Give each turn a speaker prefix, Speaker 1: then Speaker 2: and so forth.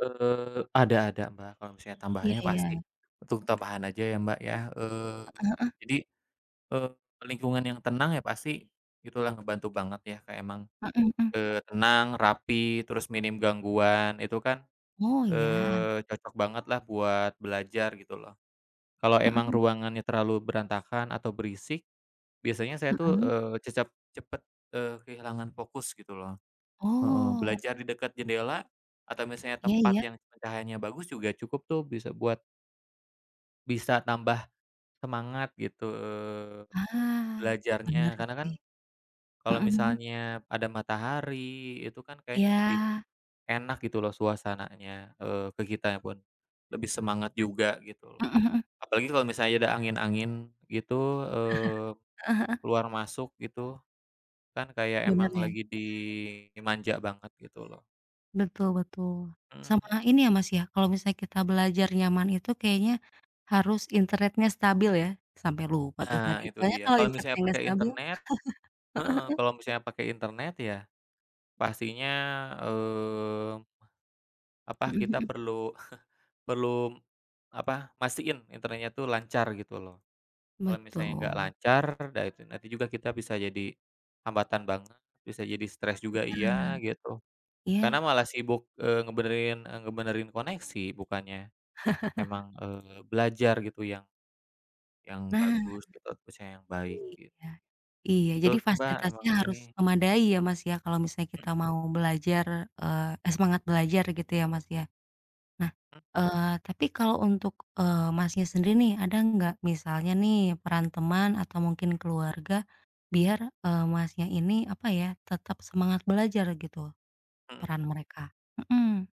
Speaker 1: Eee, ada ada Mbak, kalo misalnya
Speaker 2: Iya
Speaker 1: tambahannya
Speaker 2: iya.
Speaker 1: pasti untuk tambahan aja ya Mbak ya, eee,
Speaker 2: Heeh heeh.
Speaker 1: jadi, eee, lingkungan yang tenang ya pasti itu lah ngebantu banget ya Kak emang,
Speaker 2: Heeh, mhm.
Speaker 1: eee, tenang, rapi, terus minim gangguan itu kan,
Speaker 2: Oh iya.
Speaker 1: eee, cocok banget lah buat belajar gitu loh. Kalo emang
Speaker 2: Heeh.
Speaker 1: ruangannya terlalu berantakan atau berisik, biasanya saya tuh,
Speaker 2: Mhm.
Speaker 1: eee, cecep cepet, eee, kehilangan fokus gitu loh, heeh,
Speaker 2: Oh.
Speaker 1: belajar di dekat jendela atau misalnya
Speaker 2: Iya
Speaker 1: tempat
Speaker 2: iya.
Speaker 1: yang cahayanya bagus juga cukup tuh bisa buat bisa tambah semangat gitu
Speaker 2: Ah. Bener
Speaker 1: belajarnya. Karena kan
Speaker 2: sih.
Speaker 1: kalo
Speaker 2: Mhm Mhm.
Speaker 1: misalnya ada matahari, itu kan kayaknya lebih
Speaker 2: Iya.
Speaker 1: enak gitu loh suasananya, eee, ke kitanya pun, lebih semangat juga gitu
Speaker 2: Heeh
Speaker 1: loh.
Speaker 2: heeh.
Speaker 1: Apalagi kalo misalnya ada angin-angin gitu, eee,
Speaker 2: Heeh heeh.
Speaker 1: keluar masuk gitu, kan kayak
Speaker 2: Bener
Speaker 1: emang
Speaker 2: ya.
Speaker 1: lagi dimanja banget gitu loh.
Speaker 2: Betul betul,
Speaker 1: Hmm,
Speaker 2: sama
Speaker 1: heeh.
Speaker 2: ini ya Mas ya, kalau misalnya kita belajar nyaman itu kayaknya harus internetnya stabil ya, sampai lupa tuh tadi
Speaker 1: Nah itu
Speaker 2: soalnya
Speaker 1: dia,
Speaker 2: kalau
Speaker 1: kalau
Speaker 2: internetnya
Speaker 1: misalnya
Speaker 2: nggak
Speaker 1: pakai
Speaker 2: stabil
Speaker 1: internet
Speaker 2: Heeh
Speaker 1: heeh,
Speaker 2: heeh.
Speaker 1: kalau misalnya pakai internet ya pastinya, eee apa,
Speaker 2: Mhm
Speaker 1: kita
Speaker 2: mhm.
Speaker 1: perlu perlu apa, mastiin internet itu lancar gitu loh. Kalo misalnya nggak
Speaker 2: Betul.
Speaker 1: lancar, dah itu nanti juga kita bisa jadi hambatan banget, bisa jadi stres juga
Speaker 2: Ah hah,
Speaker 1: iya, gitu. Karena
Speaker 2: iya.
Speaker 1: malah sibuk, eee, ngebenerin eee, ngebenerin koneksi bukannya emang, eee, belajar gitu yang yang
Speaker 2: Nah.
Speaker 1: bagus gitu, atau misalnya yang baik, gitu.
Speaker 2: Iya. Iya,
Speaker 1: Betul
Speaker 2: jadi
Speaker 1: tuh Mbak
Speaker 2: fasilitasnya
Speaker 1: emang ini
Speaker 2: harus memadai ya Mas ya, kalau misalnya kita mau belajar, eee, semangat belajar gitu ya Mas ya. Nah, eee, tapi kalau untuk, eee, Masnya sendiri nih, ada nggak misalnya nih peran teman atau mungkin keluarga biar, eee, Masnya ini, apa ya, tetap semangat belajar gitu?
Speaker 1: Heeh
Speaker 2: Peran
Speaker 1: heeh.
Speaker 2: mereka mhm.